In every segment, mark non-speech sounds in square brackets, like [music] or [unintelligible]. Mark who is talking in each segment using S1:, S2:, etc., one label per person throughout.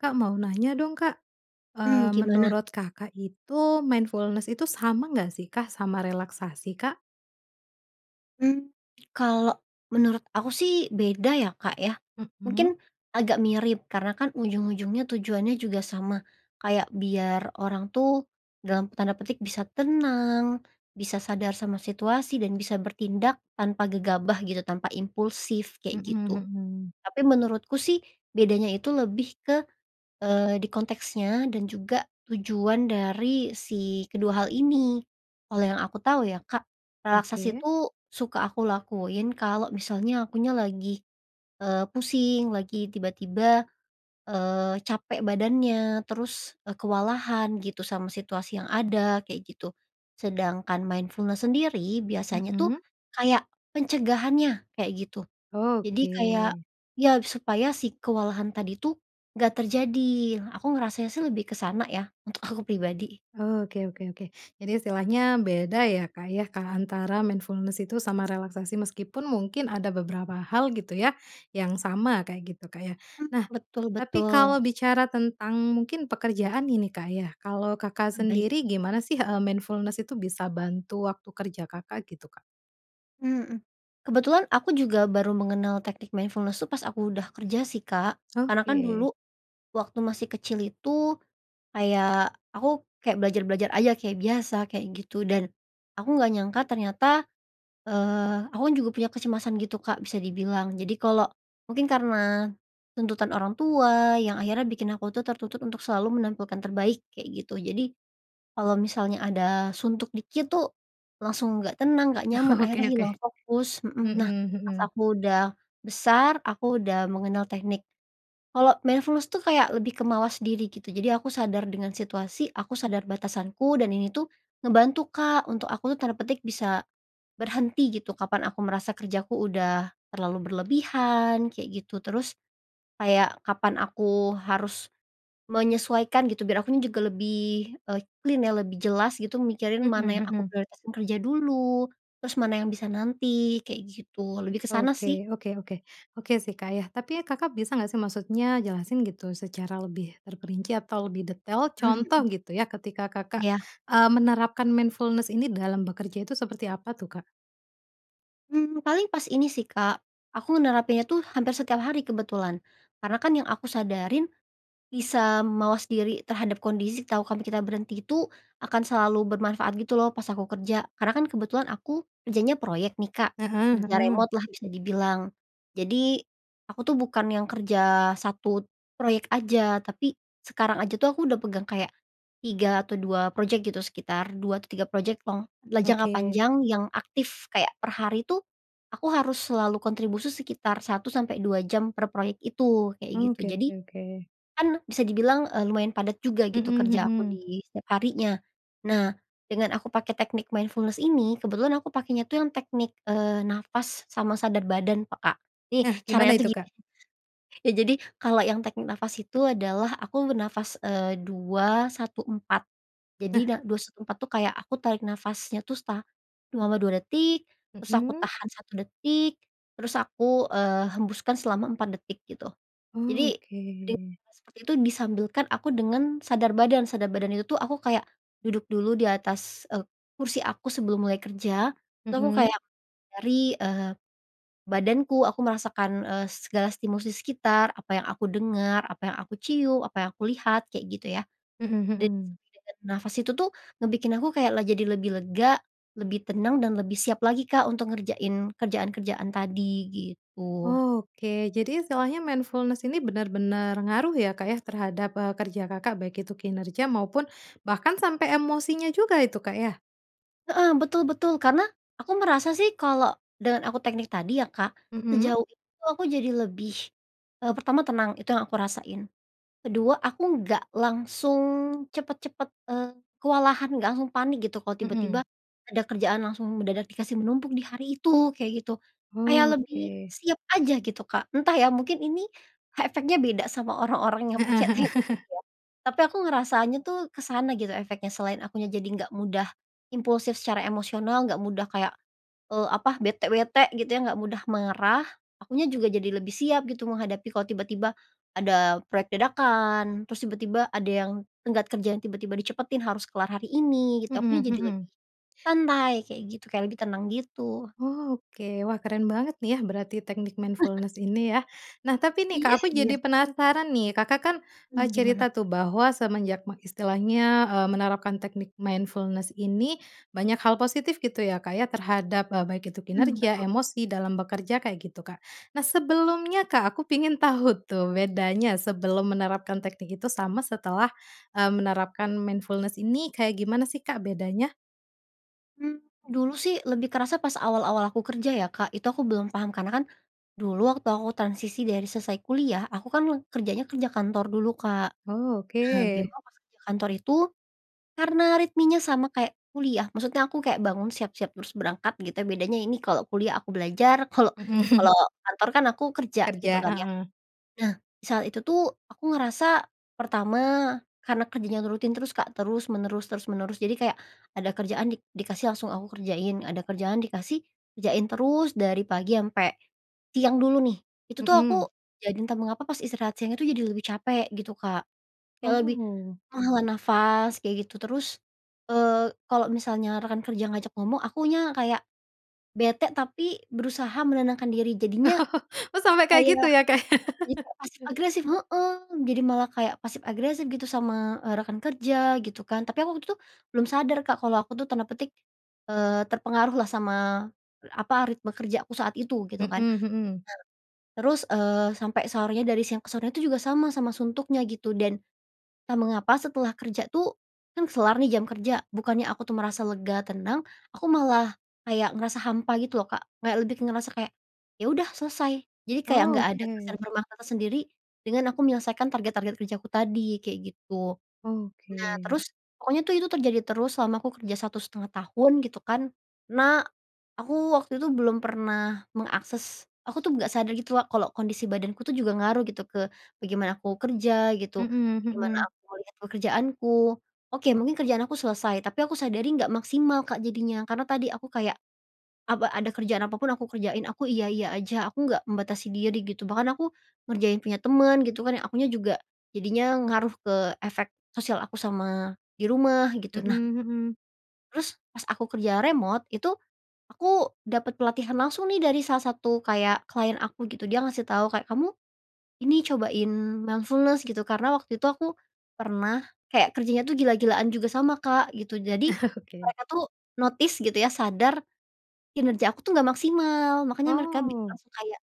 S1: Kak mau nanya dong Kak,
S2: Mmm,
S1: eee,
S2: gimana?
S1: menurut Kakak itu mindfulness itu sama nggak sih Kak sama relaksasi Kak?
S2: Mmm, kalau menurut aku sih beda ya Kak ya,
S1: Mhm.
S2: mungkin agak mirip karena kan ujung-ujungnya tujuannya juga sama, kayak biar orang tuh, dalam tanda petik bisa tenang, bisa sadar sama situasi dan bisa bertindak tanpa gegabah gitu tanpa impulsif kayak
S1: Mhm
S2: gitu,
S1: mhm.
S2: tapi menurutku sih bedanya itu lebih ke, eee, di konteksnya dan juga tujuan dari si kedua hal ini, kalau yang aku tahu ya Kak relaksasi
S1: Oke.
S2: itu suka aku lakuin kalau misalnya akunya lagi, eee, pusing lagi tiba-tiba, eee, capek badannya terus, eee, kewalahan gitu sama situasi yang ada kayak gitu, sedangkan mindfulness sendiri biasanya tuh,
S1: Mmm.
S2: kayak pencegahannya kayak gitu, jadi
S1: Oke.
S2: kayak ya supaya si kewalahan tadi tuh, nggak terjadi aku ngerasanya sih lebih ke sana ya untuk aku pribadi.
S1: Oke oke oke jadi istilahnya beda ya Kak ya antara mindfulness itu sama relaksasi meskipun mungkin ada beberapa hal gitu ya, yang sama kayak gitu Kak ya
S2: Mmm,
S1: nah, tapi
S2: betul-betul.
S1: kalau bicara tentang mungkin pekerjaan ini Kak ya kalau Kakak
S2: Baik.
S1: sendiri gimana sih, eee, mindfulness itu bisa bantu waktu kerja Kakak? Gitu Kak.
S2: Mhm, Kebetulan aku juga baru mengenal teknik mindfulness tuh pas aku udah kerja sih Kak, karena kan
S1: Oke.
S2: dulu, waktu masih kecil itu, kayak aku kayak belajar-belajar aja kayak biasa kayak gitu dan, aku enggak nyangka ternyata, eee, aku kan juga punya kecemasan gitu Kak bisa dibilang jadi kalau mungkin karena, tuntutan orang tua yang akhirnya bikin aku tuh tertuntut untuk selalu menampilkan terbaik kayak gitu jadi, kalau misalnya ada suntuk dikit tuh, langsung nggak tenang, nggak nyaman,
S1: Oke
S2: akhirnya
S1: oke.
S2: hilang fokus mhm,
S1: Mhm
S2: nah pas
S1: mhm.
S2: aku udah besar aku udah mengenal teknik kalau mindfulness tuh kayak lebih kemawas diri gitu jadi aku sadar dengan situasi, aku sadar batasanku dan ini tuh, ngebantu Kak untuk aku tuh tanda petik bisa, "berhenti," gitu kapan aku merasa kerjaku udah terlalu berlebihan kayak gitu terus, kayak kapan aku harus, menyesuaikan gitu biar akunya juga lebih, eee, clean ya lebih jelas gitu mikirin
S1: Mhm
S2: mana yang aku
S1: mhm.
S2: prioritasin kerja dulu, terus mana yang bisa nanti kayak gitu lebih ke sana
S1: Oke
S2: sih.
S1: oke oke oke, sih Kak ya tapi ya Kakak bisa nggak sih maksudnya jelasin gitu secara lebih terperinci atau lebih detail
S2: Mmm,
S1: contoh
S2: hmm.
S1: gitu ya ketika Kakak,
S2: Iya.
S1: eee, menerapkan mindfulness ini dalam bekerja itu seperti apa tuh Kak?
S2: Mmm, paling pas ini sih Kak, aku nerapinnya tuh hampir setiap hari kebetulan, karena kan yang aku sadarin, bisa mawas diri terhadap kondisi, tahu kami kita berhenti itu, akan selalu bermanfaat gitu loh, pas aku kerja. Karena kan kebetulan aku, kerjanya proyek nih Kak.
S1: Heeh
S2: Kerja
S1: heeh.
S2: remote lah bisa dibilang. Jadi, aku tuh bukan yang kerja 1 proyek aja, tapi, sekarang aja tuh, aku udah pegang kayak, 3 atau 2 project gitu, sekitar 2 atau 3 project long la jangka
S1: Oke.
S2: panjang yang aktif kayak per hari tuh, aku harus selalu kontribusi sekitar 1 sampai 2 jam per proyek itu, kayak gitu.
S1: Oke
S2: Jadi,
S1: oke oke.
S2: kan bisa dibilang, eee, lumayan padat juga gitu,
S1: Mhm
S2: kerja aku
S1: mhm.
S2: di setiap harinya. Nah, dengan aku pakai teknik mindfulness ini, kebetulan aku pakainya tuh yang teknik, eee, nafas sama sadar badan peka. Nih
S1: Nah, gimana
S2: caranya tuh
S1: itu
S2: gini
S1: Kak?
S2: ya jadi, kalau yang teknik nafas itu adalah aku bernafas, eee, 2-1-4. Jadi,
S1: Nah.
S2: da 2-1-4 tuh kayak aku tarik nafasnya tuh, sa selama 2 detik, terus aku
S1: Mhm.
S2: tahan 1 detik, terus aku, eee, hembuskan selama 4 detik, gitu. Jadi, dari
S1: Oke.
S2: hal seperti itu disambilkan aku dengan, sadar badan. Sadar badan itu tuh aku kayak, duduk dulu di atas, eee, kursi aku sebelum mulai kerja. Terus aku
S1: Mhm.
S2: kayak dari, eee, badanku, aku merasakan, eee, segala stimulus di sekitar, apa yang aku dengar, apa yang aku cium, apa yang aku lihat, kayak gitu ya.
S1: Mhm
S2: Dari
S1: mhm.
S2: setiap detik dari nafas itu tuh, ngebikin aku kayak la jadi lebih lega, lebih tenang, dan lebih siap lagi Kak untuk ngerjain kerjaan-kerjaan tadi, gitu.
S1: Oke, jadi istilahnya mindfulness ini benar-benar ngaruh ya, Kak ya, terhadap, eee, kerja Kakak, baik itu kinerja maupun bahkan sampai emosinya juga itu Kak ya?
S2: Heeh, betul betul. Karena, aku merasa sih kalau, dengan aku teknik tadi ya Kak,
S1: Mhm.
S2: sejauh ini tuh aku jadi lebih, e pertama tenang, itu yang aku rasain. Kedua, aku enggak langsung cepet-cepet, eee, kewalahan, nggak langsung panik gitu kalau tiba-tiba,
S1: Mhm.
S2: ada kerjaan langsung mendadak dikasih menumpuk di hari itu, kayak gitu. Kayak
S1: Oh,
S2: lebih
S1: oke.
S2: siap aja gitu Kak. Entah ya, mungkin ini, efeknya beda sama orang-orang yang
S1: Heeh
S2: pakai
S1: heeh.
S2: teknik itu
S1: [chuckles]
S2: ya. Tapi aku ngerasanya tuh, ke sana gitu efeknya selain akunya jadi nggak mudah impulsif secara emosional, enggak mudah kayak, eee, apa, bete bete gitu ya, enggak mudah marah, akunya juga jadi lebih siap gitu menghadapi kalau tiba-tiba, ada proyek dadakan, terus tiba-tiba ada yang tenggat kerja yang tiba-tiba dicepetin harus kelar hari ini, gitu. Akunya
S1: Mhm
S2: jadi lebih
S1: mhm.
S2: santai kayak gitu, kayak lebih tenang gitu.
S1: Oke, wah keren banget nih ya berarti teknik
S2: [chuckles]
S1: mindfulness ini ya. Nah tapi nih Kak,
S2: Iya
S1: aku
S2: iya.
S1: jadi penasaran nih, Kakak kan, e
S2: Mmm, gimana?
S1: cerita tuh bahwa semenjak me istilahnya, eee, menerapkan teknik mindfulness ini, banyak hal positif gitu ya Kak ya terhadap, e baik itu
S2: Mmm,
S1: kinerja,
S2: betul.
S1: emosi dalam bekerja kayak gitu Kak. Nah sebelumnya Kak, aku pengen tahu tuh bedanya sebelum menerapkan teknik itu sama setelah, e menerapkan mindfulness ini kayak gimana sih Kak bedanya?
S2: Mmm, dulu sih lebih kerasa pas awal-awal aku kerja ya Kak itu aku belum paham karena kan, dulu waktu aku transisi dari selesai kuliah aku kan kerjanya kerja kantor dulu Kak.
S1: Oh
S2: Nah
S1: oke.
S2: memang pas kerja kantor itu, karena ritmenya sama kayak kuliah maksudnya aku kayak bangun siap-siap terus berangkat gitu ya bedanya ini kalau kuliah aku belajar kalau
S1: Mhm.
S2: kalau kantor kan aku kerja gitu
S1: Kerja,
S2: kan ya.
S1: heeh.
S2: Nah saat itu tuh aku ngerasa pertama karena kerjanya rutin terus Kak terus menerus terus menerus jadi kayak, ada kerjaan di dikasih langsung aku kerjain ada kerjaan dikasih, kerjain terus dari pagi ampe, siang dulu nih itu tuh aku
S1: Mhm.
S2: jadi entah mengapa pas istirahat siangnya itu jadi lebih capek gitu Kak, kayak lebih,
S1: Oh.
S2: menghela nafas kayak gitu terus, eee, kalo misalnya rekan kerja ngajak ngomong akunya kayak, bete tapi berusaha menenangkan diri jadinya,
S1: [laughs] Oh sampai kayak
S2: kayak,
S1: gitu ya Kak ya.
S2: jadi
S1: [chuckles]
S2: kayak pasif agresif heeh, jadi malah kayak pasif agresif gitu sama, eee, rekan kerja gitu kan tapi aku waktu itu, belum sadar Kak kalau aku tuh tanda petik, eee, "terpengaruh" lah sama, apa ritme kerjaku saat itu gitu
S1: Mhm
S2: kan,
S1: mhm.
S2: nah terus, eee, sampai sorenya dari siang ke sorenya itu juga sama sama suntuknya gitu dan, entah mengapa setelah kerja tuh, kan kelar nih jam kerja bukannya aku tuh merasa lega, tenang, aku malah kayak ngerasa hampa gitu loh Kak kayak lebih ngerasa kayak, ya udah selesai jadi kayak enggak ada kesan
S1: Oke.
S2: bermakna tersendiri, dengan aku menyelesaikan target-target kerjaku tadi kayak gitu. Nah
S1: Oke.
S2: terus pokoknya tuh itu terjadi terus selama aku kerja 1 1/2 tahun gitu kan, nah, aku waktu itu belum pernah mengakses aku tuh nggak sadar gitu loh kalau kondisi badanku tuh juga ngaruh gitu ke bagaimana aku kerja gitu,
S1: Mhm
S2: bagaimana
S1: mhm.
S2: aku ngelihat pekerjaanku, oke mungkin kerjaan aku selesai tapi aku sadari enggak maksimal Kak jadinya karena tadi aku kayak apa ada kerjaan apa pun aku kerjain aku iya-iya aja aku enggak membatasi diri gitu bahkan aku, ngerjain punya temen gitu kan akunya juga jadinya ngaruh ke efek sosial aku sama di rumah gitu,
S1: Mhm
S2: nah
S1: mhm.
S2: terus pas aku kerja remote itu, aku dapat pelatihan langsung nih dari salah satu kayak klien aku gitu dia ngasih tahu kayak kamu, ini cobain mindfulness gitu karena waktu itu aku, pernah kayak kerjanya tuh gila-gilaan juga sama Kak gitu jadi,
S1: [chuckles] Oke.
S2: mereka tuh notice gitu ya sadar, kinerja aku tuh enggak maksimal makanya mereka
S1: Oh.
S2: langsung kayak,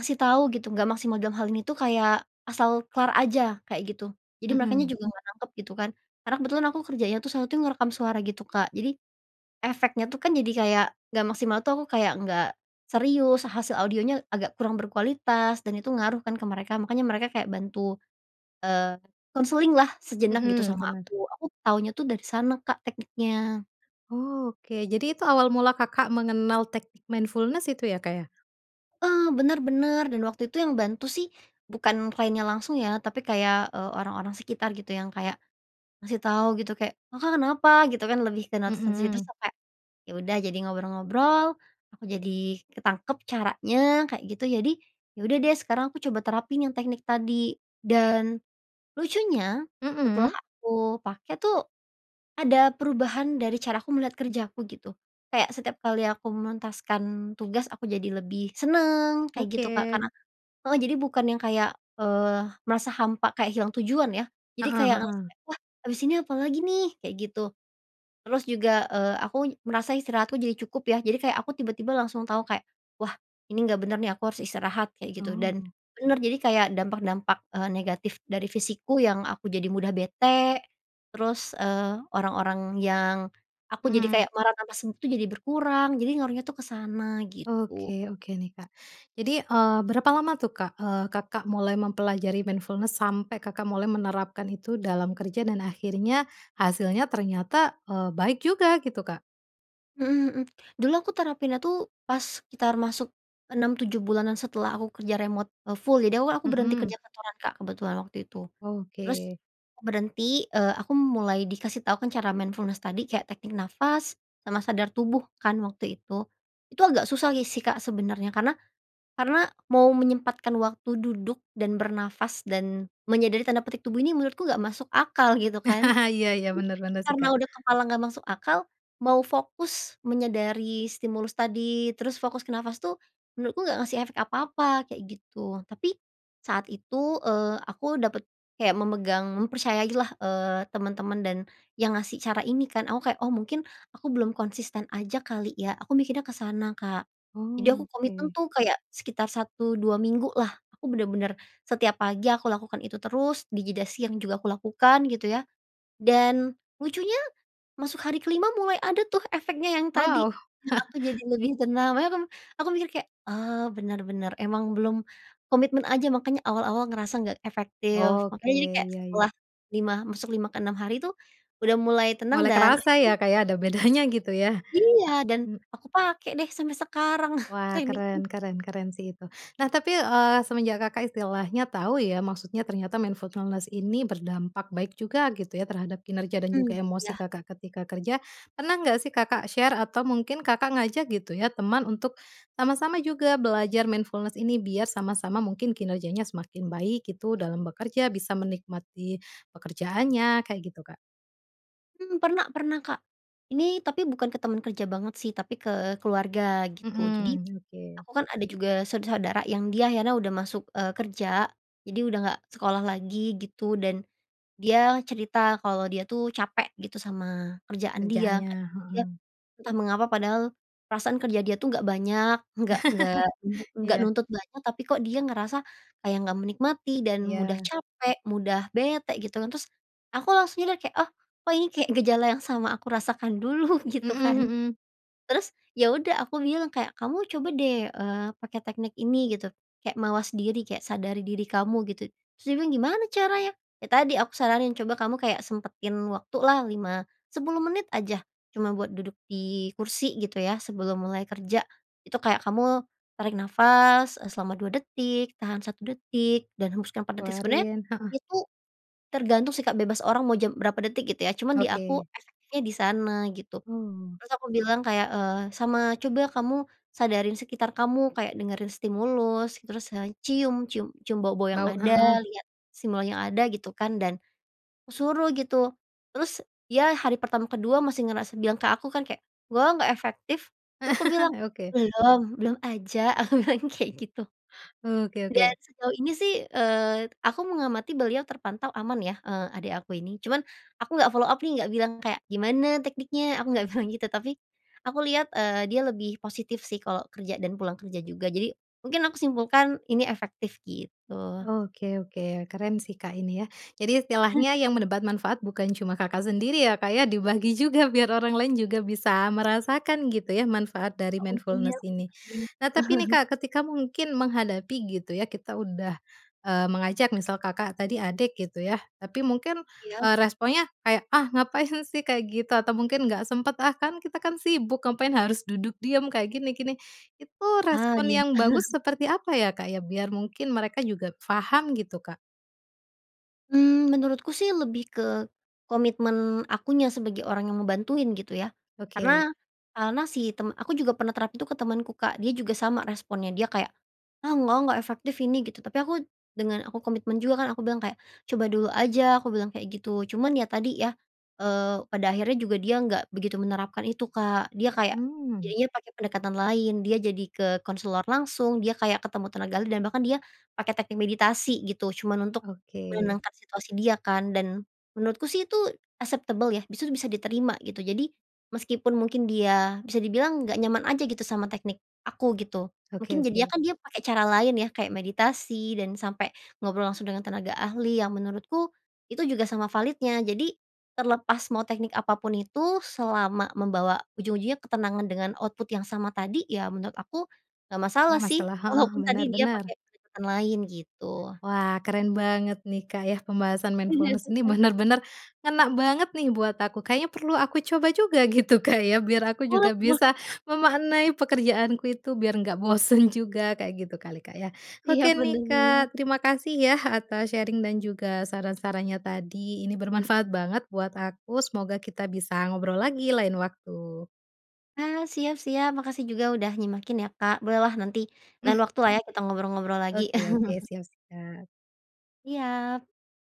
S2: ngasih tahu gitu enggak maksimal dalam hal ini tuh kayak asal kelar aja kayak gitu jadi merekanya
S1: Mhm.
S2: juga nggak nangkep gitu kan, karena kebetulan aku kerjanya tuh saat itu ngerekam suara gitu Kak jadi, efeknya tuh kan jadi kayak nggak maksimal tuh aku kayak nggak, serius hasil audionya agak kurang berkualitas dan itu ngaruh kan ke mereka makanya mereka kayak bantu, eee, konseling lah sejenak gitu
S1: Mhm,
S2: sama
S1: bener.
S2: aku aku tahunya tuh dari sana Kak tekniknya.
S1: Oke, jadi itu awal mula Kakak mengenal teknik mindfulness itu ya Kak ya.
S2: Eee, bener bener dan waktu itu yang bantu sih, bukan kliennya langsung ya tapi kayak, eee, orang-orang sekitar gitu yang kayak, ngasih tahu gitu kayak, "Kakak kenapa?" gitu kan, lebih ke [unintelligible]
S1: Mhm.
S2: sampai, ya udah jadi ngobrol-ngobrol aku jadi ketangkep caranya kayak gitu jadi, ya udah deh sekarang aku coba terapin yang teknik tadi dan, lucunya setelah
S1: Mhm.
S2: aku pake tuh, ada perubahan dari cara aku melihat kerjaku gitu, kayak setiap kali aku menuntaskan tugas aku jadi lebih seneng kayak gitu Kak
S1: Oke.
S2: karena heeh, jadi bukan yang kayak, eee, merasa hampa kayak hilang tujuan ya, jadi
S1: Heeh
S2: kayak
S1: heeh.
S2: ngerasa, "Wah habis ini apa lagi nih?" kayak gitu, terus juga, eee, aku merasa istirahatku jadi cukup ya jadi kayak aku tiba-tiba langsung tahu kayak, "Wah ini nggak bener nih aku harus istirahat." kayak gitu dan,
S1: Oh.
S2: bener jadi kayak dampak-dampak, eee, negatif dari fisikku yang aku jadi mudah bete, terus, eee, orang-orang yang, aku jadi
S1: Mhm.
S2: kayak marah tanpa sebab itu jadi berkurang jadi ngaruhnya tuh ke sana
S1: Oke
S2: gitu.
S1: oke nih Kak jadi, eee, berapa lama tuh Kak, eee, Kakak mulai mempelajari mindfulness sampai Kakak mulai menerapkan itu dalam kerja dan akhirnya, hasilnya ternyata, eee, baik juga? Gitu Kak.
S2: Mhm mhm, dulu aku terapinnya tuh pas sekitar masuk 6, 7 bulanan setelah aku kerja remote, eee, full jadi aku kan aku berhenti kerja
S1: Mhm.
S2: kantoran Kak kebetulan waktu itu, terus,
S1: Oke.
S2: berhenti, eee, aku mulai dikasih tahu kan cara mindfulness tadi kayak teknik nafas sama sadar tubuh kan waktu itu, itu agak susah si sih Kak sebenernya karena karena mau menyempatkan waktu duduk, dan bernafas, dan menyadari tanda petik "tubuh ini" menurutku nggak masuk akal gitu kan,
S1: [chuckles] Iya iya
S2: jadi
S1: bener bener sih
S2: karena
S1: Kak.
S2: udah kepalang gak masuk akal, mau fokus menyadari stimulus tadi terus fokus ke nafas tuh, menurutku enggak ngasih efek apa-apa kayak gitu tapi, saat itu, eee, aku dapet kayak memegang mempercayailah, eee, temen-temen dan yang ngasih cara ini kan aku kayak, "Oh mungkin, aku belum konsisten aja kali ya." aku mikirnya ke sana Kak, jadi aku
S1: Oh
S2: komitmen
S1: oke.
S2: tuh kayak sekitar 1, 2 minggulah aku bener-bener setiap pagi aku lakukan itu terus di jeda siang juga aku lakukan gitu ya, dan, lucunya masuk hari ke-5 mulai ada tuh efeknya yang tadi,
S1: Wow.
S2: yang
S1: [chuckles]
S2: aku jadi lebih tenang makanya aku aku mikir kayak, "Oh, bener bener emang belum, komitmen aja makanya awal-awal ngerasa enggak efektif."
S1: Oke
S2: makanya jadi kayak
S1: iya iya.
S2: setelah lima masuk 5 ke 6 hari tuh, udah mulai tenang
S1: Mulai
S2: dan
S1: kerasa
S2: [unintelligible]
S1: ya Kak ya ada bedanya gitu ya?
S2: Iya, dan
S1: Mmm.
S2: aku pakai deh sampai sekarang
S1: Wah
S2: tekniknya.
S1: keren keren keren sih itu nah tapi, eee, semenjak Kakak istilahnya tahu ya maksudnya ternyata mindfulness ini berdampak baik juga gitu ya terhadap kinerja dan
S2: Mmm,
S1: juga emosi
S2: iya.
S1: Kakak ketika kerja, pernah nggak sih Kakak share atau mungkin Kakak ngajak gitu ya teman untuk, sama-sama juga belajar mindfulness ini biar sama-sama mungkin kinerjanya semakin baik gitu dalam bekerja bisa menikmati pekerjaannya? Kayak gitu Kak.
S2: Hmm, pernah pernah, Kak. Ini tapi bukan ke temen kerja banget, sih, tapi ke keluarga gitu. Jadi,
S1: Mhm, oke.
S2: aku kan ada juga sau saudara yang dia akhirnya udah masuk, eee, kerja, jadi udah nggak sekolah lagi gitu dan, dia cerita kalau dia, tuh, capek gitu sama kerjaan dia,
S1: Kerjaannya,
S2: kayak gitu. Dia,
S1: heeh.
S2: entah mengapa padahal perasaan kerja dia itu enggak banyak, enggak enggak enggak
S1: [chuckles]
S2: enggak
S1: Iya.
S2: nuntut banyak, tapi, kok, dia ngerasa kayak nggak menikmati dan mudah
S1: Iya.
S2: capek, mudah bete gitu, kan. Terus, aku langsung, ya, udah kayak, oh, kok, ini kayak gejala yang sama aku rasakan dulu gitu,
S1: Mhm
S2: kan.
S1: mhm.
S2: Terus, ya, udah aku bilang kayak, "Kamu coba, deh, eee, pakai teknik ini gitu, kayak mawas diri kayak sadari diri kamu gitu." Terus dia bilang, "Gimana caranya?" "Ya, tadi aku saranin, coba kamu kayak sempetin waktu lah 5, 10 menit aja, cuma buat duduk di kursi gitu, ya, sebelum mulai kerja. Itu kayak kamu tarik nafas, eee, selama 2 detik, tahan 1 detik dan hembuskan 4 detik." Sebenernya
S1: Keluarin, heeh.
S2: itu tergantung, sih, Kak, bebas orang mau jam berapa detik gitu, ya, cuman di aku
S1: Oke.
S2: efektifnya di sana gitu.
S1: Oh.
S2: Terus aku bilang kayak, eee, "Sama coba kamu sadarin sekitar kamu, kayak dengerin stimulus, terus sa cium, cium cium bau-bau yang
S1: Bau,
S2: ada,
S1: heeh.
S2: lihat simbol yang ada." Gitu, kan, dan, aku suruh gitu. Terus dia hari pertama kedua masih ngerasa bilang ke aku, kan kayak, "Nggak ah, nggak efektif." Laku aku bilang,
S1: [chuckles] Oke.
S2: "Belum, belum aja." Aku bilang kayak gitu.
S1: Oke
S2: Dan
S1: oke.
S2: sejauh ini, sih, eee, aku mengamati beliau terpantau aman, ya, eee, adik aku ini. Cuman, aku enggak follow up, nih, enggak bilang kayak, "Gimana tekniknya?" Aku enggak bilang gitu. Tapi, aku lihat, eee, dia lebih positif, sih, kalau kerja dan pulang kerja juga. Jadi, mungkin aku simpulkan ini efektif gitu.
S1: Oke oke, keren, sih, Kak, ini, ya. Jadi istilahnya
S2: [chuckles]
S1: yang mendapat manfaat bukan cuma Kakak sendiri, ya, Kak, ya, dibagi juga biar orang lain juga bisa merasakan gitu, ya, manfaat dari
S2: Iya, untungnya
S1: mindfulness ini.
S2: efektif.
S1: Nah, tapi, nih,
S2: [chuckles]
S1: Kak, ketika mungkin menghadapi gitu, ya, kita udah, eee, mengajak misal Kakak tadi adik gitu, ya. Tapi mungkin,
S2: Iya.
S1: eee, responsnya kayak, "Ah, ngapain, sih, kayak gitu." Atau mungkin, "Nggak sempat, ah, kan, kita, kan, sibuk, ngapain harus duduk diam kayak gini gini." Itu
S2: Ah,
S1: respons
S2: iya.
S1: yang bagus
S2: [chuckles]
S1: seperti apa, ya, Kak, ya, biar mungkin mereka juga paham, gitu, Kak?
S2: Mmm, menurutku sih lebih ke, komitmen akunya sebagai orang yang ngebantuin gitu ya,
S1: Oke.
S2: karena karena si temen aku juga pernah terapin itu ke temanku Kak dia juga sama responnya dia kayak, "Ah enggak enggak efektif ini," gitu tapi aku, dengan aku komitmen juga kan aku bilang, "kayak coba dulu aja" aku bilang kayak gitu cuman ya tadi ya, eee, pada akhirnya juga dia nggak begitu menerapkan itu Kak dia kayak,
S1: Mmm.
S2: jadinya pakai pendekatan lain dia jadi ke konselor langsung dia kayak ketemu tenaga ahli dan bahkan dia pakai teknik meditasi gitu cuman untuk,
S1: Oke.
S2: menenangkan situasi dia kan dan, menurutku sih itu acceptable ya bis itu bisa diterima gitu jadi, meskipun mungkin dia bisa dibilang nggak nyaman aja gitu sama teknik aku gitu
S1: Oke
S2: mungkin jadinya
S1: oke.
S2: kan dia pakai cara lain ya kayak meditasi dan sampai ngobrol langsung dengan tenaga ahli yang menurutku, itu juga sama validnya jadi, terlepas mau teknik apa pun itu selama membawa ujung-ujungnya ketenangan dengan output yang sama tadi ya menurut aku, nggak masalah
S1: Gak
S2: sih
S1: masalah heeh,
S2: walaupun
S1: bener
S2: tadi dia pakai
S1: bener.
S2: pendekatan lain gitu.
S1: Wah keren banget nih Kak ya pembahasan
S2: Iya
S1: mindfulness
S2: sih
S1: ini
S2: Kak.
S1: bener-bener, ngena banget nih buat aku kayaknya perlu aku coba juga gitu Kak ya biar aku
S2: Boleh
S1: juga
S2: boleh
S1: bisa
S2: Kak.
S1: memaknai pekerjaanku itu biar nggak bosan juga kayak gitu kali Kak ya.
S2: Iya,
S1: Oke
S2: bener
S1: nih
S2: bener.
S1: Kak terima kasih ya atas sharing dan juga saran-sarannya tadi ini bermanfaat banget buat aku semoga kita bisa ngobrol lagi lain waktu.
S2: Ah, siap-siap makasih juga udah nyimakin ya Kak boleh lah nanti, lain waktu lah ya kita ngobrol-ngobrol lagi.
S1: Oke oke,
S2: [chuckles]
S1: siap siap
S2: Siap.